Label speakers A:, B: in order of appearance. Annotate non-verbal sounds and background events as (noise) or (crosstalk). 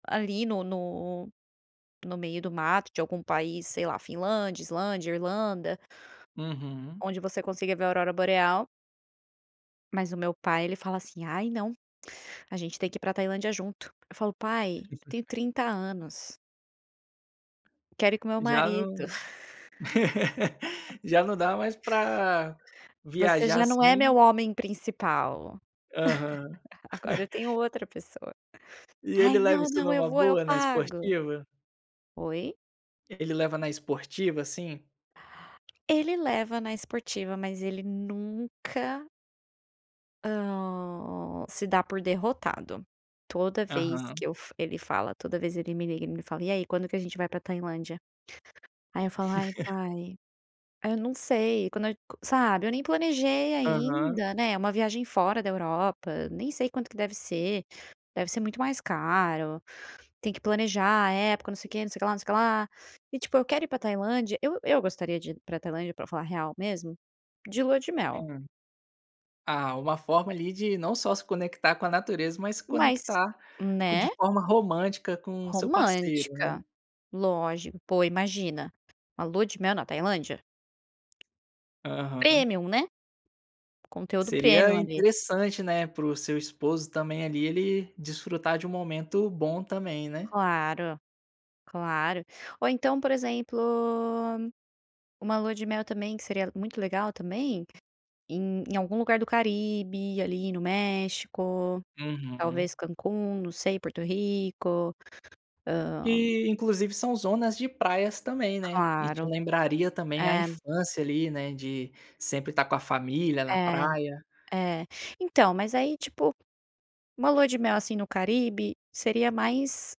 A: Ali no no no meio do mato de algum país, sei lá, Finlândia, Islândia, Irlanda.
B: Uhum.
A: Onde você consiga ver a Aurora Boreal. Mas o meu pai, ele fala assim: "Ai não, a gente tem que ir para a Tailândia junto. Eu falo: "Pai, eu tenho
B: (chuckles)
A: 30 anos". Quero ir com meu
B: Já
A: marido.
B: não
A: (laughs)
B: (laughs) já não dá mais pra
A: "Você
B: viajar
A: já não é meu
B: assim.
A: homem principal.
B: Aham.
A: (laughs) Agora eu tenho
B: (chuckles)
A: outra pessoa".
B: E ele
A: "Ai,
B: leva
A: não,
B: isso
A: não. Eu
B: numa
A: vou, eu
B: boa, na
A: pago".
B: esportiva?
A: Oi?
B: Ele leva na esportiva, assim?
A: Ele leva na esportiva, mas ele nunca hã, se dá por derrotado. Toda vez
B: Aham.
A: que eu f ele fala, toda vez ele me liga e me fala: "E aí, quando que a gente vai para Tailândia?" Aí eu falo: "Ai,
B: (chuckles)
A: pai, aí eu não sei, quando age qua sabe eu nem planejei
B: Aham.
A: ainda, né. É uma viagem fora da Europa, nem sei quanto que deve ser, deve ser muito mais caro. Tem que planejar a época, não sei quê, não sei o que lá, não sei o que lá". E, tipo, eu quero ir pra Tailândia eu eu gostaria de ir pra Tailândia para falar a real mesmo, de lua de mel.
B: Hã, ah, uma forma ali de não só se conectar com a natureza, mas
A: Mais
B: conectar co de
A: né.
B: forma romântica com o seu parceiro,
A: Romântica,
B: né.
A: lógico, pô, imagina, a lua de mel na Tailândia?
B: Aham.
A: Premium, né, conteúdo
B: Seria
A: premium ali.
B: interessante, né, para o seu esposo também ali, ele desfrutar de um momento bom também, né.
A: Claro, claro. Ou então, por exemplo, uma lua de mel também, que seria muito legal também, em em algum lugar do Caribe, ali no México,
B: Uhum.
A: talvez Cancún, não sei, Porto Rico, hã
B: Que, inclusive, são zonas de praias também, né, e te
A: Claro,
B: lembraria também a
A: é.
B: infância ali, né, de sempre estar com a família na
A: É,
B: praia.
A: é, então, mas aí, tipo, uma lua de mel assim no Caribe seria mais.